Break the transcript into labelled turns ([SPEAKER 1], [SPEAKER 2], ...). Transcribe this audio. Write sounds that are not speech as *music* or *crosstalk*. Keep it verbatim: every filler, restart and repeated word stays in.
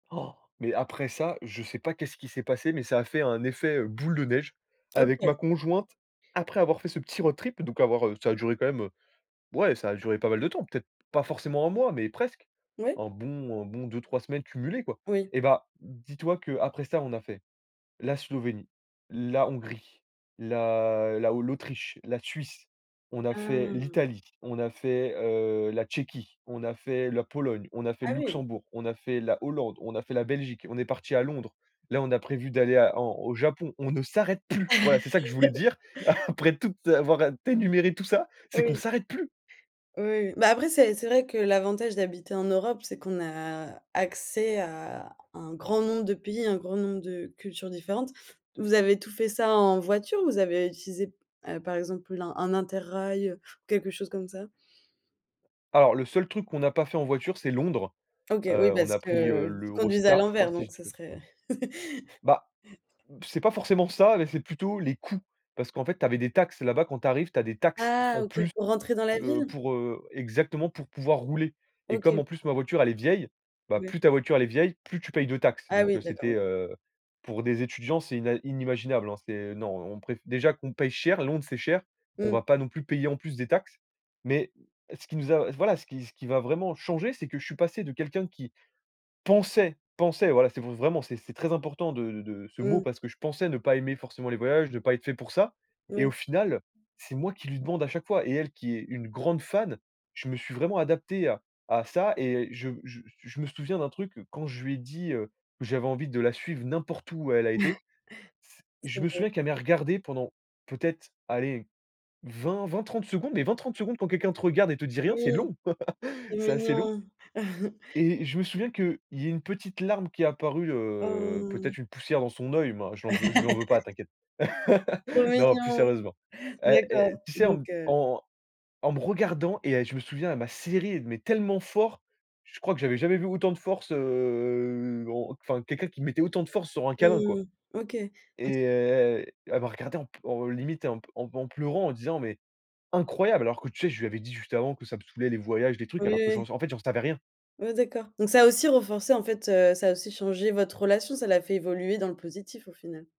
[SPEAKER 1] Oh mais après ça, je sais pas qu'est-ce qui s'est passé mais ça a fait un effet, heu, boule de neige, avec
[SPEAKER 2] OK.
[SPEAKER 1] ma conjointe, après avoir fait ce petit road trip, donc avoir ça a duré quand même, ouais ça a duré pas mal de temps, peut-être, pas forcément un mois mais presque,
[SPEAKER 2] Oui.
[SPEAKER 1] un bon un bon deux-trois semaines cumulées quoi
[SPEAKER 2] Oui.
[SPEAKER 1] et ben, dis-toi qu'après ça on a fait- la Slovénie, la Hongrie, la la o l'Autriche, la Suisse, on a fait,
[SPEAKER 2] Ah.
[SPEAKER 1] l'Italie, on a fait, heu, la Tchéquie, on a fait la Pologne, on a fait le
[SPEAKER 2] Ah oui.
[SPEAKER 1] Luxembourg, on a fait la Hollande, on a fait la Belgique et on est parti à Londres. Là on a prévu d'aller à en au Japon, on ne s'arrête plus. Voilà c'est ça que je voulais
[SPEAKER 2] *chuckles*
[SPEAKER 1] dire. *chuckles* Après tout, t'avoir t'énuméré tout ça, c'est qu'on
[SPEAKER 2] Oui.
[SPEAKER 1] s'arrête plus!
[SPEAKER 2] Oui, oui, ben après c'est c'est vrai que l'avantage d'habiter en Europe c'est qu'on a accès à un grand nombre de pays, un grand nombre de cultures différentes. Vous avez tout fait ça en voiture ou vous avez utilisé p heu, par exemple, un inter-rail, quelque chose comme ça?
[SPEAKER 1] Alors le seul truc qu'on n'a pas fait en voiture c'est Londres.
[SPEAKER 2] OK, oui
[SPEAKER 1] Heu, on
[SPEAKER 2] parce
[SPEAKER 1] a pris, heu,
[SPEAKER 2] qu'ils conduisent à
[SPEAKER 1] l'Eurostar je crois
[SPEAKER 2] l'envers
[SPEAKER 1] si
[SPEAKER 2] donc
[SPEAKER 1] je dis
[SPEAKER 2] ce
[SPEAKER 1] pas d
[SPEAKER 2] serait. *chuckles*
[SPEAKER 1] Ben, c'est pas forcément ça mais c'est plutôt les coûts, parce qu'en fait tu avais des taxes là-bas quand tu arrives tu as des taxes,
[SPEAKER 2] Ah
[SPEAKER 1] en
[SPEAKER 2] OK
[SPEAKER 1] plus,
[SPEAKER 2] pour rentrer dans la
[SPEAKER 1] heu,
[SPEAKER 2] ville?
[SPEAKER 1] pour, heu, exactement pour pouvoir rouler et comme
[SPEAKER 2] OK.
[SPEAKER 1] en plus, ma voiture elle est vieille, ben plus
[SPEAKER 2] Ouais.
[SPEAKER 1] ta voiture, elle est vieille, plus tu payes de taxes
[SPEAKER 2] Ah
[SPEAKER 1] donc
[SPEAKER 2] oui,
[SPEAKER 1] heu,
[SPEAKER 2] d'accord.
[SPEAKER 1] c'était,
[SPEAKER 2] O
[SPEAKER 1] heu, pour des étudiants c'est ina inimaginable hein, c'est non on préf déjà qu'on paye cher Londres c'est cher. On
[SPEAKER 2] Mmh.
[SPEAKER 1] va pas non plus payer en plus des taxes mais ce qui nous a voilà ce qui ce qui va vraiment changer c'est que je suis passé de quelqu'un qui, pensait pensait voilà c'est v vraiment c'est c'est très important de de ce mot
[SPEAKER 2] Mmh.
[SPEAKER 1] parce que je pensais ne pas aimer forcément les voyages de pas être fait pour ça et
[SPEAKER 2] Oui.
[SPEAKER 1] au final, c'est moi qui lui demande à chaque fois et elle qui est une grande fan. Je me suis vraiment adapté à à ça et je je je me souviens d'un truc que quand je lui ai dit, heu, que j'avais envie de la suivre n'importe où elle a été
[SPEAKER 2] *chuckles*
[SPEAKER 1] je
[SPEAKER 2] C'est
[SPEAKER 1] me
[SPEAKER 2] beau.
[SPEAKER 1] souviens qu'elle m'ait regardé pendant, peut-être, allez, vingt-vingt-trente secondes mais vingt-trente secondes quand quelqu'un te regarde et te dit rien c'est
[SPEAKER 2] Oui,
[SPEAKER 1] long,
[SPEAKER 2] c'est
[SPEAKER 1] *chuckles* c'est assez long
[SPEAKER 2] mignon. *chuckles*
[SPEAKER 1] et je me souviens qu'il y a une petite larme qui est apparue,
[SPEAKER 2] Oh,
[SPEAKER 1] heu,
[SPEAKER 2] mmh.
[SPEAKER 1] peut-être une poussière dans son oeil ben, je lui en veux je lui en
[SPEAKER 2] *laughs*
[SPEAKER 1] veux pas t'inquiète.
[SPEAKER 2] Trop
[SPEAKER 1] *laughs* Non plus
[SPEAKER 2] mignon.
[SPEAKER 1] sérieusement, hé, hé
[SPEAKER 2] D'accord,
[SPEAKER 1] tu sais? En
[SPEAKER 2] donc
[SPEAKER 1] m
[SPEAKER 2] heu
[SPEAKER 1] en en me regardant et elle je me souviens elle m'a serré, mais tellement fort. Je crois que j'avais jamais vu autant de force, heu, en enfin quelqu'un qui mettait autant de force sur un câlin quoi
[SPEAKER 2] Mmh mh, OK. *unintelligible*
[SPEAKER 1] et elle elle m'a regardé en pl en limite en p en en pleurant en disant mais: «Incroyable!» alors que tu sais? Je lui avais dit juste avant que ça me soûlait les voyages des
[SPEAKER 2] Oui,
[SPEAKER 1] trucs
[SPEAKER 2] oui,
[SPEAKER 1] alors que j'en
[SPEAKER 2] oui.
[SPEAKER 1] en fait, j'en savais rien.
[SPEAKER 2] Oui, d'accord, donc ça a aussi renforcé en fait, heu, ça a aussi changé votre relation ça l'a fait évoluer dans le positif au final?